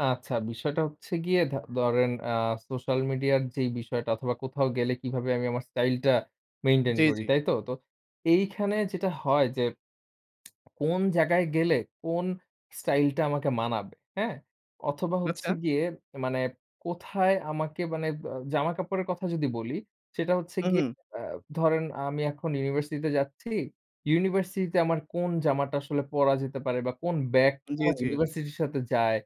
আচ্ছা, বিষয়টা হচ্ছে গিয়ে ধ ধরেন আ সোশ্যাল মিডিয়ার যেই বিষয়টা অথবা কোথাও গেলে কিভাবে আমি আমার স্টাইল টা মেইনটেইন জি, করি। জি। তাই তো? তো এইখানে যেটা হয় যে কোন জায়গায় গেলে কোন স্টাইল টা আমাকে মানাবে। হ্যা? অথবা হচ্ছে আচ্ছা। গিয়ে মানে কোথায় আমাকে মানে ব জামা কাপড়ের কথা যদি বলি, সেটা হচ্ছে হু, গিয়ে হু। আ ধরেন আমি এখন ইউনিভার্সিটি তে যাচ্ছি। ইউনিভার্সিটি তে আমার কোন জামাটা আসলে পরা যেতে পারে বা কোন ব্যাগটা জি, আমার জি। ইউনিভার্সিটির সাথে যায়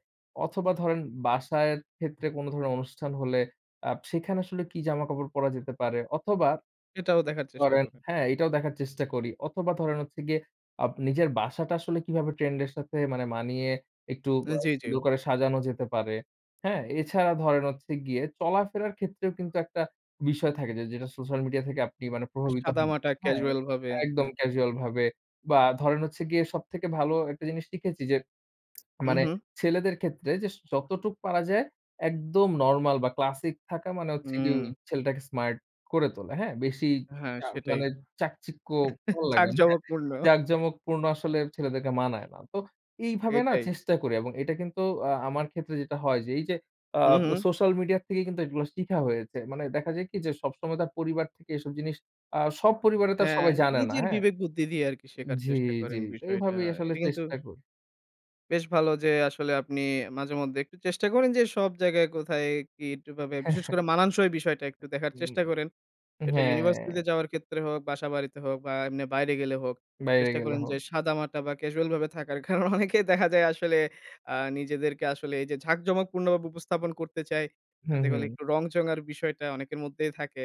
অথবা ধরেন বাসার ক্ষেত্রে কোনো ধরনের অনুষ্ঠান হলে আ সেখানে আসলে কি জামাকাপড় পরা যেতে পারে অথবা সেটাও দেখার চেষ্টা ধরেন করে। হ্যা, এটাও দেখার চেষ্টা করি। অথবা ধরেন হচ্ছে গিয়ে আব নিজের বাসাটা আসলে কিভাবে ট্রেন্ড এর সাথে মানে মানিয়ে একটু জি, জি। সুন্দর করে সাজানো যেতে পারে। হ্যা? এছাড়া ধরেন হচ্ছে গিয়ে চলাফেরার ক্ষেত্রেও কিন্তু একটা বিষয় থাকে যে, যেটা সোশ্যাল মিডিয়া থেকে আপনি প্রভাবিত হন সাদামাটা হ্যা? ক্যাজুয়াল ভাবে একদম হয়ে থাকে। ক্যাজুয়াল ভাবে বা, ধরেন হচ্ছে গিয়ে সবথেকে ভালো একটা জিনিস শিখেছি যে মানে উহুম। ছেলেদের ক্ষেত্রে যে যতটুকু পারা যায় একদম নরমাল বা, ক্লাসিক থাকা মানে হচ্ছে গিয়ে হুম। ছেলেটাকে স্মার্ট করে তোলে। হ্যা? বেশি হ্যা, চা সেটাই, মানে চাকচিক্য ভালো লাগেনা হ্যা, ঝাঁকজমকপূর্ণ। জাকজমক পূর্ণ আসলে ছেলেদেরকে মানায় না। তো এইভাবে না? এটাই। চেষ্টা করি এবং এটা কিন্তু আ আমার ক্ষেত্রে যেটা হয় যে এই যে আ হু, হু। সোশ্যাল মিডিয়া থেকেই কিন্তু এগুলো শিখা হয়েছে। মানে দেখা যায় কি? যে, সবসময় তার পরিবার থেকে এসব জিনিস আ সব পরিবারে তো হ্যা, সবাই জানে না নিজের হ্যা? বিবেক-বুদ্ধি দিয়ে আরকি শেখার জি, চেষ্টা করেন জি, বিষয়টা। এইভাবেই আসলে এটা কিন্তু চেষ্টা করি। বেশ ভালো যে আসলে আপনি মাঝে-মধ্যে একটু চেষ্টা করেন যে সব জায়গায় কোথায় কি, কিভাবে, বিশেষ করে মানানসই বিষয়টা একটু দেখার চেষ্টা হু, করেন। এটা হ্যা। ইউনিভার্সিটিতে যাওয়ার ক্ষেত্রে হোক, বাসা বাড়িতে হোক বা, এমনি বাইরে গেলে হোক। বাইরে চেষ্টা গেলে করেন যে হোক। সাদামাটা বা, ক্যাজুয়াল ভাবে থাকার। কারণ অনেকেই দেখা যায় আসলে আ নিজেদেরকে আসলে এই যে ঝাঁকজমক পূর্ণভাবে উপস্থাপন করতে চায়। হুম, যাতে হলে হুম। একটু রং-চং এর বিষয়টা অনেকের মধ্যেই থাকে।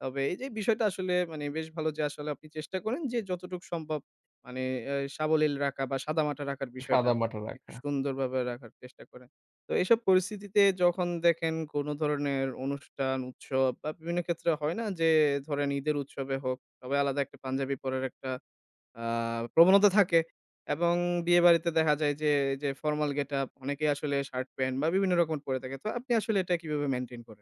তবে এই যে এই বিষয়টা আসলে মানে বেশ ভালো যে আসলে আপনি চেষ্টা করেন যে যতটুকু সম্ভব মানে অ্যা সাবলীল রাখা বা, সাদামাটা রাখার বিষয়টা। সাদামাটা রাখা। একটু সুন্দরভাবে রাখার চেষ্টা করেন। তো এসব পরিস্থিতিতে যখন দেখেন কোনো ধরনের অনুষ্ঠান, উৎসব বা, বিভিন্ন ক্ষেত্রে হয় না? যে ধরেন, ঈদের উৎসবে হোক তবে আলাদা একটা পাঞ্জাবি পড়ার একটা আ প্রবণতা থাকে। এবং বিয়ে বাড়িতে দেখা যায় যে যে ফরমাল গেটআপ অনেকেই আসলে শার্ট-প্যান্ট বা বিভিন্ন রকম পড়ে থাকে। তো আপনি আসলে এটা কিভাবে মেইনটেইন করেন?